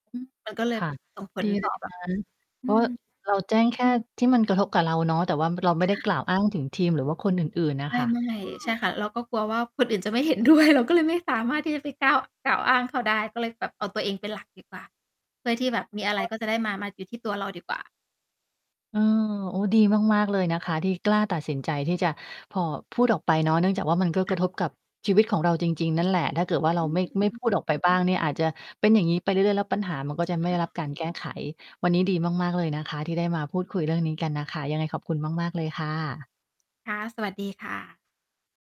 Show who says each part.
Speaker 1: อืม
Speaker 2: มันก็เล
Speaker 1: ค
Speaker 2: ย
Speaker 1: ่ะ
Speaker 2: ส่งผ
Speaker 1: ด
Speaker 2: ล
Speaker 1: ี
Speaker 2: ต
Speaker 1: เล
Speaker 2: ่อ
Speaker 1: ย
Speaker 2: แบ
Speaker 1: น
Speaker 2: บ
Speaker 1: ะ เพ
Speaker 2: อื
Speaker 1: ราะ
Speaker 2: ม
Speaker 1: เราแจ้งแค่ที่มันกระทบกับเราเนาะ แต่ว่าเราไม่
Speaker 2: ใ
Speaker 1: ได้
Speaker 2: ช่
Speaker 1: กล่าวอ้างถึงทีม หรือว่าคนอื่น ๆ น่ะ
Speaker 2: ได
Speaker 1: ค
Speaker 2: ้
Speaker 1: ่ะ
Speaker 2: เมื่อไหร่
Speaker 1: อื
Speaker 2: ใช่
Speaker 1: อ
Speaker 2: ค่ะ เราก็กลัวว่าคนอื่นจะไม่ เห็นด้วย เราก็เลยไม่สามารถที่จะไปก้าว กล่าวอ้างเขาได้ ก็เลยแบบเอาตัวเองเป็นหลักดีกว่า เพื่อที่แบบ
Speaker 1: เห
Speaker 2: ม
Speaker 1: ็น
Speaker 2: ีอะไร
Speaker 1: ด้วย
Speaker 2: ก็จะได้มา มาอยู่ที่ตัวเราดีกว่า
Speaker 1: อือ โอ้ ดีมาก ๆ เลยนะคะ ที่กล้าตัดสินใจที่จะผ่อ พูดออกไปเนาะ เนื่องจากว่ามันก็
Speaker 2: ค
Speaker 1: ก
Speaker 2: ่
Speaker 1: ระ
Speaker 2: ะ
Speaker 1: ทบกับชีวิตของเราจริง ๆ นั่นแหละ ถ้าเกิดว่าเ
Speaker 2: อ
Speaker 1: รา
Speaker 2: ืม
Speaker 1: ไม่
Speaker 2: อือ
Speaker 1: ไม่
Speaker 2: อือ
Speaker 1: พูดออกไปบ้างเนี่ย อาจจะเป็นอย่างงี้ไปเรื่อย ๆ แล้วปัญหามันก็จะไม
Speaker 2: ใ
Speaker 1: ่ได้ร
Speaker 2: ช
Speaker 1: ั
Speaker 2: ่
Speaker 1: บการแก้ไข วันนี้ดีมาก ๆ เลยนะคะ ที่ได้มาพูดคุยเรื่องนี้กันน่ะค่ะ ยังไงขอบคุณมาก ๆ เลยค่ะ
Speaker 2: ค่ะ สวัสดีค่ะ